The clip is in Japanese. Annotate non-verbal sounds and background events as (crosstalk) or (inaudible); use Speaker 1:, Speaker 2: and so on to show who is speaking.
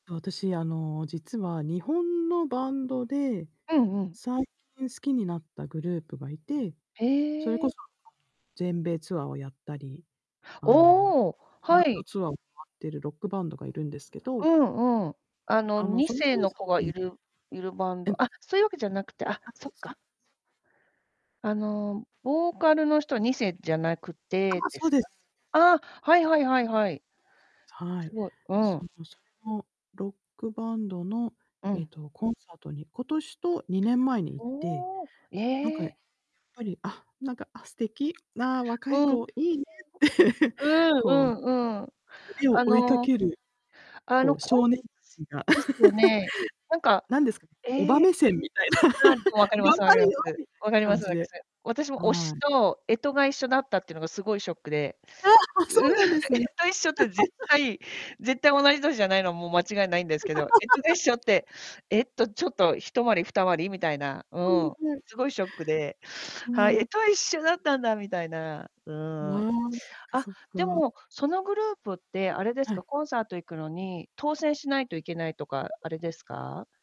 Speaker 1: あ、私、あの、実は日本のバンドで、
Speaker 2: うんうん。
Speaker 1: 最近好きになったグループがいて、
Speaker 2: へ
Speaker 1: それこ
Speaker 2: え。
Speaker 1: そ、あの、全米ツアーをやったり、あの、
Speaker 2: おお、
Speaker 1: ワ
Speaker 2: は
Speaker 1: ールド
Speaker 2: い。
Speaker 1: ツアーを回ってるロックバンドがいるんですけ
Speaker 2: う
Speaker 1: ど
Speaker 2: んうん。あの、
Speaker 1: あの、
Speaker 2: に
Speaker 1: その
Speaker 2: せい
Speaker 1: コン
Speaker 2: の
Speaker 1: サー
Speaker 2: 子が
Speaker 1: ト
Speaker 2: い
Speaker 1: に
Speaker 2: るいるバン
Speaker 1: えん。
Speaker 2: ドあ、そういうわけじゃなくて、あ、
Speaker 1: アプ
Speaker 2: そ
Speaker 1: リ
Speaker 2: っ
Speaker 1: つか？
Speaker 2: か。あの、ボーカルの人、2世じゃなくて
Speaker 1: ああ、
Speaker 2: で
Speaker 1: そう
Speaker 2: す
Speaker 1: で
Speaker 2: か？
Speaker 1: す。
Speaker 2: ああ、はいはいはいはい。
Speaker 1: は
Speaker 2: す
Speaker 1: い、
Speaker 2: ごい、うん。
Speaker 1: そのそう、ロックバンドの、
Speaker 2: う
Speaker 1: え
Speaker 2: ん。
Speaker 1: と、コンサートに、今年と2年前に行って、
Speaker 2: おお、え
Speaker 1: なんか、いや
Speaker 2: え！
Speaker 1: っぱり、あ、なんか、あ、素敵、な、若い
Speaker 2: うん、う
Speaker 1: 子、いいねって、(chuckles)
Speaker 2: ん、う
Speaker 1: こう、
Speaker 2: ーん、うんうん。
Speaker 1: 夢を
Speaker 2: あ
Speaker 1: 追いか
Speaker 2: の
Speaker 1: ける、
Speaker 2: あ
Speaker 1: こ
Speaker 2: の、
Speaker 1: う、
Speaker 2: こん
Speaker 1: 少年た
Speaker 2: す
Speaker 1: ちが
Speaker 2: ですよね。なん
Speaker 1: (chuckles)
Speaker 2: か、
Speaker 1: なんですね、おば
Speaker 2: ええ、
Speaker 1: 目線みたいな。
Speaker 2: ああ、でも分
Speaker 1: (laughs)
Speaker 2: かりま
Speaker 1: 頑
Speaker 2: す分か
Speaker 1: 張
Speaker 2: りま
Speaker 1: れよ、
Speaker 2: す、
Speaker 1: みたい
Speaker 2: 分
Speaker 1: な
Speaker 2: かりま
Speaker 1: 感
Speaker 2: す
Speaker 1: じ
Speaker 2: 分かす。
Speaker 1: で。
Speaker 2: 私私も推
Speaker 1: は
Speaker 2: し
Speaker 1: い。
Speaker 2: と干支が一緒だったってのが、すごいショックで、
Speaker 1: ああ、あ、そ
Speaker 2: うん、
Speaker 1: うなんですね。
Speaker 2: 干支一緒って絶
Speaker 1: (laughs)
Speaker 2: 対絶対、同じ歳じゃないのはもう間違いないんですけど、干支が一
Speaker 1: (laughs)
Speaker 2: 緒って、えっと、ちょっと、一回り、二回りみたいな、う
Speaker 1: うん、
Speaker 2: ーん、
Speaker 1: はい。
Speaker 2: すごいショックで、は
Speaker 1: は
Speaker 2: い、
Speaker 1: い。
Speaker 2: 干支は一緒だったんだみたいな。う
Speaker 1: う
Speaker 2: ーん。
Speaker 1: ーん、そっか
Speaker 2: あ、
Speaker 1: そっ
Speaker 2: で
Speaker 1: か。
Speaker 2: も、そのグループってあれです
Speaker 1: は
Speaker 2: か、
Speaker 1: い。
Speaker 2: コンサート行くのに当選しないと行けないとか、あれですか？